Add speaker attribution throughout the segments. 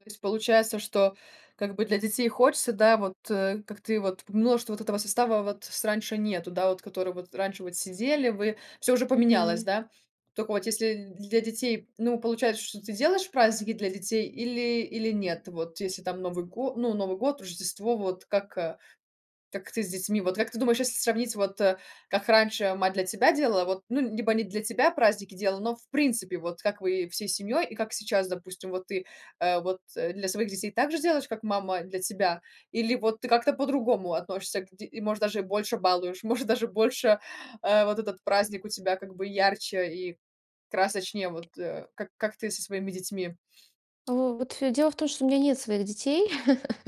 Speaker 1: То есть получается, что как бы для детей хочется, да вот, э, как ты вот ты множество вот этого состава, вот с раньше нету, да, вот который вот раньше вот сидели вы, всё уже поменялось,
Speaker 2: Мгм.
Speaker 1: да. Тока вот если для детей, ну, получается, что ты делаешь праздники для детей или или нет, вот если там Новый го ну, Новый год, Рождество, вот как, а, так ты с детьми вот как ты думаешь, если сравнить, вот, э, как раньше мать для тебя делала, вот, ну, либо не для тебя праздники делала, но, в принципе, вот как вы всей семьей и как сейчас, допустим, вот ты, э, вот, э, для своих детей так же делаешь, как мама для тебя, или вот ты как-то по-другому относишься к ди и, может, даже и больше балуешь, может, даже больше, э, вот этот праздник у тебя как бы ярче и красочнее, вот, э, как как ты со своими детьми.
Speaker 2: А, во вот дело в том, что у меня нет своих детей.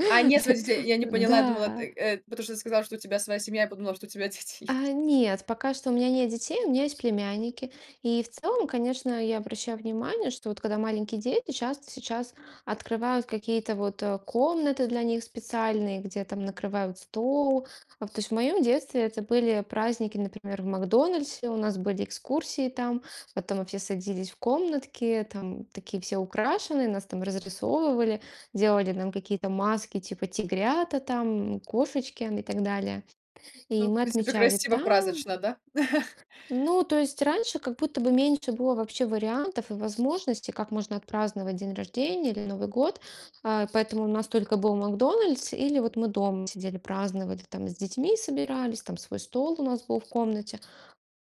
Speaker 1: А, нет своих детей. Я не поняла. Я думала,
Speaker 2: Да.
Speaker 1: ты, э, потому что ты сказала, что у тебя своя семья, я подумала, что у тебя дети
Speaker 2: А,
Speaker 1: есть.
Speaker 2: нет, пока что у меня нет детей, у меня есть племянники. И в целом, конечно, я обращаю внимание, что вот, когда маленькие дети, часто сейчас открывают какие-то вот, э, комнаты для них специальные, где там накрывают стол. А, то есть, в моем детстве это были праздники, например, в "Макдональдсе". У нас были экскурсии, там потом мы все садились в комнатки, там, такие все украшенные, нас там разрисовывали, делали нам какие-то маски, типа, тигрята, там, кошечки и так далее. И
Speaker 1: Ну, в
Speaker 2: мы
Speaker 1: принципе,
Speaker 2: отмечали
Speaker 1: красиво,
Speaker 2: там.
Speaker 1: празднично, да?
Speaker 2: Ну, то есть раньше как будто бы меньше было вообще вариантов и возможностей, как можно отпраздновать день рождения или Новый год, а. Поэтому у нас только был "Макдональдс" или вот мы дома сидели, праздноватли, там, с детьми собирались, там, свой стол у нас был в комнате.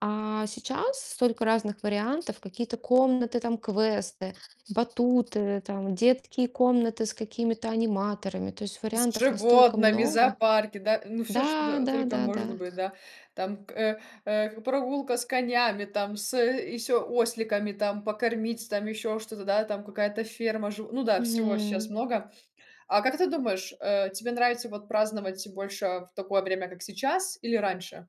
Speaker 2: А сейчас столько разных вариантов: какие-то комнаты, там, квесты, батуты, там, детские комнаты с какими-то аниматорами- то есть
Speaker 1: С
Speaker 2: вариантов настолько
Speaker 1: животными
Speaker 2: много.
Speaker 1: зоопарки, да ну, всё,
Speaker 2: Да,
Speaker 1: что
Speaker 2: да,
Speaker 1: только
Speaker 2: да,
Speaker 1: может
Speaker 2: да.
Speaker 1: быть, да, там к э, э, прогулка с конями, там, с ещё осликами, там, покормить, там, ещё что-то, да, там какая-то ферма, жив ну да, всего щас
Speaker 2: Мгм.
Speaker 1: много. А как ты думаешь, э, тебе нравится вот праздновать больше в такое время, как сейчас, или раньше?